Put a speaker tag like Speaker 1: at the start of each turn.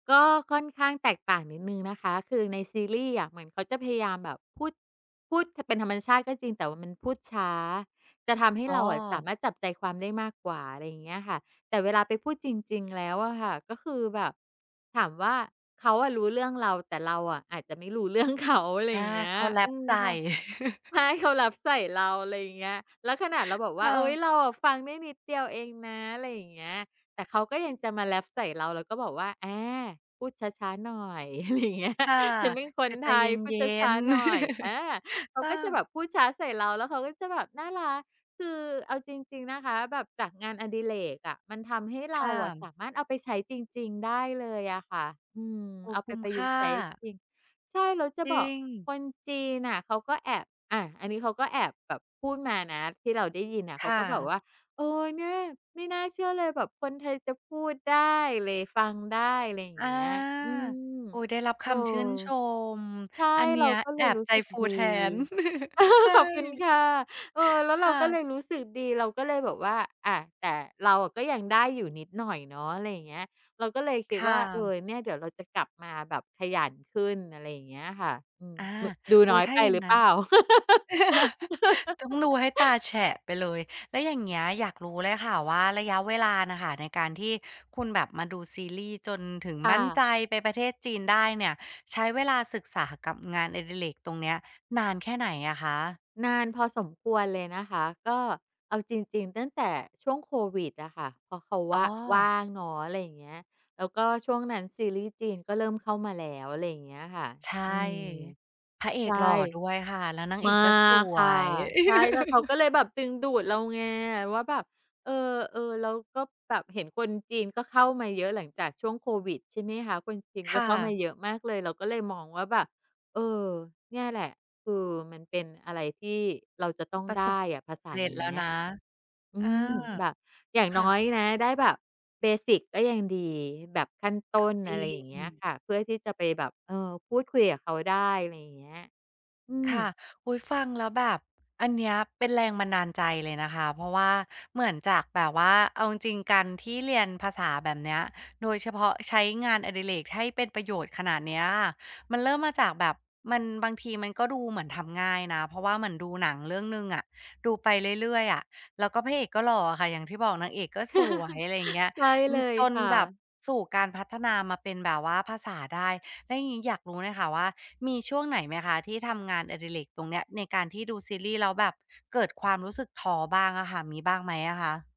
Speaker 1: ก็ค่อนข้างแตกต่างนิดหนึ่งนะคะ คือในซีรีส์อะ เหมือนเขาจะพยายามแบบพูด พูด ท เป็นธรรมชาติก็จริง แต่ว่ามันพูดช้า จะทำให้
Speaker 2: อ๋
Speaker 1: เราอะสา
Speaker 2: อ
Speaker 1: มารถจับใจความได้มากกว่า อะไรอย่างเงี้ยค่ะ แต่เวลาไปพูดจริง ๆ แล้วอะค่ะ ก็คือแบบ ถามว่าเขาอะรู้เรื่องเรา แต่เราอะอาจจะไม่รู้ เรื่องเขา อะไร
Speaker 2: อา
Speaker 1: อย่างเงี้
Speaker 2: เข
Speaker 1: ย
Speaker 2: าแร
Speaker 1: อื
Speaker 2: ป
Speaker 1: ม
Speaker 2: ใส่
Speaker 1: พอ ใช่ เขาแรปใส่เรา ไรอย่างเงี้ย แล้วขนาดเราบอกว
Speaker 2: ค
Speaker 1: ่า
Speaker 2: ่
Speaker 1: เฮ้
Speaker 2: ะ
Speaker 1: ย เราอะฟังได้นิดเดียวเองนะ ไรอย่างเงี้ย แต่เขาก็ยังจะมาแรปใส่เรา เราก็บอกว่า อา พูดช้า ๆ หน่อย อะไรอย่างเงี้ย
Speaker 2: ค่ะ
Speaker 1: ฉันเป็นค
Speaker 2: ค
Speaker 1: น
Speaker 2: ือใจ
Speaker 1: ไท
Speaker 2: เ
Speaker 1: ย พู
Speaker 2: ย
Speaker 1: ด
Speaker 2: ็
Speaker 1: ช้า
Speaker 2: น
Speaker 1: ๆ
Speaker 2: ๆ
Speaker 1: หน่อย อา เข
Speaker 2: เ
Speaker 1: า
Speaker 2: อ
Speaker 1: ก็จะแบ
Speaker 2: อ
Speaker 1: บพูดช้าใส่เรา แล้วเขาก็จะแบบน่ารัก คือเอาจริง ๆ นะคะ แบบจากงานอดิเรกอะ มันทำให้เร
Speaker 2: ค
Speaker 1: า
Speaker 2: ่
Speaker 1: อะ
Speaker 2: ะ
Speaker 1: สามารถเอาไปใช้จริง ๆ ได้เลยอะค่ะ อืม
Speaker 2: โอ้
Speaker 1: เอา
Speaker 2: ค
Speaker 1: ไป
Speaker 2: ุ้ม
Speaker 1: ประ
Speaker 2: ค
Speaker 1: ยุ
Speaker 2: ่
Speaker 1: กต์ใช้
Speaker 2: า
Speaker 1: จริง ใช่ แล้วจะ
Speaker 2: จริ
Speaker 1: บอก
Speaker 2: ง
Speaker 1: คนจีนน่ะเขาก็แอบ อะ อันนี้เขาก็แอบแบบพูดมานะ ที่เราได้ยินน่ะ เ
Speaker 2: ค
Speaker 1: ขา
Speaker 2: ่
Speaker 1: ก็แบบ
Speaker 2: ะ
Speaker 1: ว่า "เออ เนี่ย ไม่น่าเชื่อเลยแบบคนไทยจะพูดได้เลย ฟังได้" ไรอย่า
Speaker 2: อ
Speaker 1: ง
Speaker 2: า
Speaker 1: เงี้ย อืม
Speaker 2: อุ๊ย ได้รับ
Speaker 1: เ
Speaker 2: ค
Speaker 1: ออ
Speaker 2: ำชื่นชม
Speaker 1: ใช่
Speaker 2: อันเนี
Speaker 1: เ
Speaker 2: ้
Speaker 1: รา
Speaker 2: ย
Speaker 1: ก็เ
Speaker 2: แ
Speaker 1: ล
Speaker 2: อ
Speaker 1: ย
Speaker 2: บ
Speaker 1: รู้
Speaker 2: ใจ
Speaker 1: สึก
Speaker 2: ฟู
Speaker 1: ดี
Speaker 2: แทน ใช่
Speaker 1: ขอบคุณค่ะ เออ แล้วเ
Speaker 2: ค
Speaker 1: รา
Speaker 2: ่
Speaker 1: ก็
Speaker 2: ะ
Speaker 1: เลยรู้สึกดี เราก็เลยแบบว่า อะ แต่เราอะก็ยังได้อยู่นิดหน่อยเนาะ อะไรอย่างเงี้ย เราก็เลยค
Speaker 2: ค
Speaker 1: ิด
Speaker 2: ่
Speaker 1: ว่า เออ
Speaker 2: ะ
Speaker 1: เนี่ยเดี๋ยวเราจะกลับมาแบบขยันขึ้น อะไรอย่างเงี้ยค่ะ อืม
Speaker 2: อา
Speaker 1: ม ดู
Speaker 2: อ
Speaker 1: น
Speaker 2: ุ๊
Speaker 1: ้อ
Speaker 2: ย
Speaker 1: ย
Speaker 2: ถ้
Speaker 1: ไ
Speaker 2: า
Speaker 1: ป
Speaker 2: อย่า
Speaker 1: หร
Speaker 2: ง
Speaker 1: ือ
Speaker 2: น
Speaker 1: เ
Speaker 2: ั
Speaker 1: ป
Speaker 2: ้น
Speaker 1: ล่า?
Speaker 2: ต้องดูให้ตาแฉะไปเลย แล้วอย่างเงี้ย อยากรู้เลยค่ะว่า ระยะเวลาน่ะค่ะ ในการที่คุณแบบมาดูซีรีส์ จนถึง
Speaker 1: ค่
Speaker 2: มั่นใ
Speaker 1: ะ
Speaker 2: จไปประเทศจีนได้เนี่ย ใช้เวลาศึกษากับงานอดิเรกตรงเนี้ย นานแค่ไหนอะคะ?
Speaker 1: นานพอสมควรเลยนะคะ ก็เอาจริง ๆ ตั้งแต่ช่วงโควิดอะค่ะ เพราะเขาว
Speaker 2: อ๋
Speaker 1: ่า
Speaker 2: อ
Speaker 1: ว่างเนาะ อะไรอย่างเงี้ย แล้วก็ช่วงนั้นซีรีส์จีนก็เริ่มเข้ามาแล้ว อะไรอย่างเงี้ยอะค่ะ
Speaker 2: ใช่
Speaker 1: อืม
Speaker 2: พระเอ
Speaker 1: ใช
Speaker 2: ก
Speaker 1: ่
Speaker 2: หล่อด้วยค่ะ แล้วนางเ
Speaker 1: ม
Speaker 2: อ
Speaker 1: า
Speaker 2: กก็ส
Speaker 1: ก
Speaker 2: ว
Speaker 1: ค่ะ
Speaker 2: ย
Speaker 1: ใช่ แล้วเขาก็เลยแบบดึงดูดเราไงว่าแบบ เออ เออ เราก็แบบเห็นคนจีนก็เข้ามาเยอะหลังจากช่วงโควิด ใช่ไหมคะ คนจีน
Speaker 2: ค
Speaker 1: ก็
Speaker 2: ่
Speaker 1: เข้ามา
Speaker 2: ะ
Speaker 1: เยอะมากเลย เราก็เลยมองว่าแบบ เออ เนี่ยแหละ คือมันเป็นอะไรที่เราจะต้อง
Speaker 2: ประ
Speaker 1: ได
Speaker 2: สบ
Speaker 1: ้
Speaker 2: ควา
Speaker 1: อ
Speaker 2: ม
Speaker 1: ะ ภาษา
Speaker 2: เร็
Speaker 1: เน
Speaker 2: จ
Speaker 1: ี
Speaker 2: แล้ว
Speaker 1: ้ย
Speaker 2: นะ
Speaker 1: อ
Speaker 2: เอ
Speaker 1: ื
Speaker 2: อ
Speaker 1: ม แบบอย่าง
Speaker 2: ค
Speaker 1: น
Speaker 2: ่
Speaker 1: ้อ
Speaker 2: ะ
Speaker 1: ยนะ ได้แบบ เบสิก ก็ยังดี แบบขั้นต้น
Speaker 2: จร
Speaker 1: อ
Speaker 2: ิ
Speaker 1: ะไรอย่างเงี้ย
Speaker 2: ง
Speaker 1: ค่ะ เพื่อที่จะไปแบบ เออ พูดคุยกับเขาได้ ไรอย่างเงี้ย อื
Speaker 2: ค
Speaker 1: ม
Speaker 2: ่ะ อุ๊ย ฟังแล้วแบบอันเนี้ย เป็นแรงบันดาลใจเลยนะคะ เพราะว่าเหมือนจากแบบว่า เอาจริง ๆ การที่เรียนภาษาแบบเนี้ย โดยเฉพาะใช้งานอดิเรกให้เป็นประโยชน์ขนาดเนี้ย มันเริ่มมาจากแบบมัน บางทีมันก็ดูเหมือนทำง่ายนะ เพราะว่าเหมือนดูหนังเรื่องหนึ่งอะ ดูไปเรื่อย ๆ อะ แล้วก็พระเอกก็หล่ออะค่ะ อย่างที่บอก นางเอกก็สวย อะไรอย่างเงี้ย
Speaker 1: ใช่
Speaker 2: อื
Speaker 1: เล
Speaker 2: อ
Speaker 1: ย
Speaker 2: จน
Speaker 1: ค่
Speaker 2: แบบ
Speaker 1: ะ
Speaker 2: สู่การพัฒนามาเป็นแบบว่าภาษาได้ แล้วอย่างงี้อยากรู้เลยค่ะว่า มีช่วงไหนไหมคะที่ทำงานอดิเรกตรงเนี้ย ในการที่ดูซีรีส์ แล้วแบบเกิดความรู้สึกท้อบ้างอะค่ะ มีบ้างไหมอะคะ?